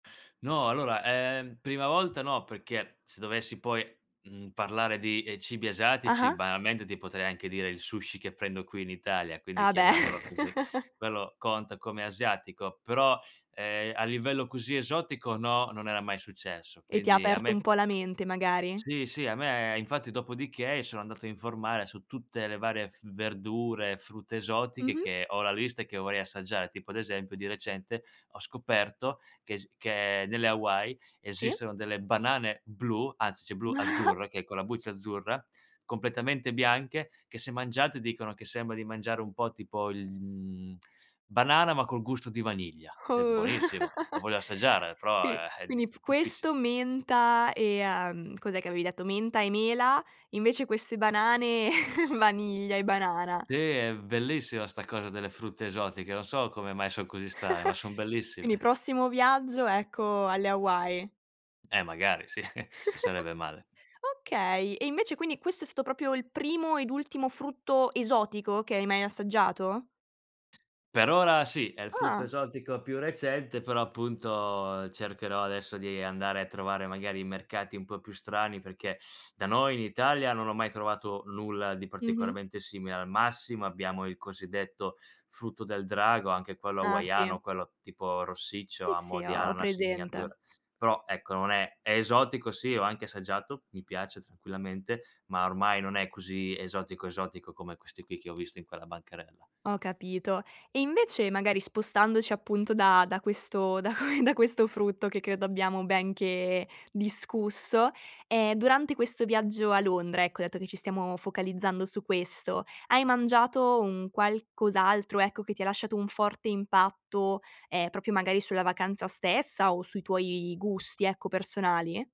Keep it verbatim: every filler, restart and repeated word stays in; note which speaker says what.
Speaker 1: No, allora ,ehm, prima volta no, perché, se dovessi poi, mhmm, parlare di, ehm, cibi asiatici,
Speaker 2: Ah-ah.
Speaker 1: banalmente ti potrei anche dire il sushi che prendo qui in Italia, quindi
Speaker 2: Ah beh.
Speaker 1: chiamiamolo così, quello conta come asiatico, però, ehm, a livello così esotico no, non era mai successo.
Speaker 2: E ti
Speaker 1: Quindi a
Speaker 2: aperto
Speaker 1: me
Speaker 2: un po' la mente magari?
Speaker 1: Sì, sì, a me infatti, dopodiché sono andato a informare su tutte le varie f verdure, frutta esotiche,
Speaker 2: Mh-mh.
Speaker 1: che ho la lista che vorrei assaggiare. Tipo, ad esempio, di recente ho scoperto che es che nelle Hawaii,
Speaker 2: Sì.
Speaker 1: esistono delle banane blu anzi ceh blu, azzurre, che è con la buccia azzurra, completamente bianche, che se mangiate, dicono che sembra di mangiare un po' tipo il mhmm, banana, ma col gusto di vaniglia. È
Speaker 2: Oh
Speaker 1: buonissimo, la voglio assaggiare, però,
Speaker 2: Quindi
Speaker 1: ehm, è
Speaker 2: quindi
Speaker 1: diff
Speaker 2: p
Speaker 1: difficile.
Speaker 2: questo, menta e, uhm, cos'è che avevi detto, menta e mela, invece queste banane, vaniglia e banana.
Speaker 1: Sì, è bellissima sta cosa delle frutte esotiche, non so come mai son così strane, ma son
Speaker 2: Quindi,
Speaker 1: bellissime.
Speaker 2: prossimo viaggio, ecco, alle Hawaii.
Speaker 1: Eh, magari sì, sarebbe male.
Speaker 2: Okay, e invece, quindi, questo è stato propio il primo ed ultimo frutto esotico che hai mai assaggiato?
Speaker 1: Per ora sì, è il frutto
Speaker 2: Ah.
Speaker 1: esotico più recente, però appunto, cercherò adesso di andare a trovare magari i mercati un po' più strani, perché da noi in Italia non ho mai trovato nulla di
Speaker 2: Mh-mh.
Speaker 1: particolarmente simile, al massimo, abbiamo il cosiddetto frutto del drago, anche quello
Speaker 2: Ah,
Speaker 1: hawaiano,
Speaker 2: sì.
Speaker 1: quello tipo rossiccio
Speaker 2: Sì,
Speaker 1: a
Speaker 2: sì,
Speaker 1: mo' di
Speaker 2: ho
Speaker 1: ananas in
Speaker 2: presente.
Speaker 1: miniatura. Però ecco, non è è esotico sì, ho anche assaggiato, mi piace, tranquillamente, ma ormai non è così esotico, esotico come questi qui che ho visto in quella bancarella.
Speaker 2: Ho capito. E invece, magari spostandoci, appunto, da da questo da que da questo frutto che credo abbiamo ben che discusso, ehm, durante questo viaggio a Londra, ecco, dato che ci stiamo focalizzando su questo, hai mangiato un qualcos'altro, ecco, che ti lasciato un forte impatto, ehm, proprio magari sulla vacanza stessa, o sui tuoi gusti, ecco, personali?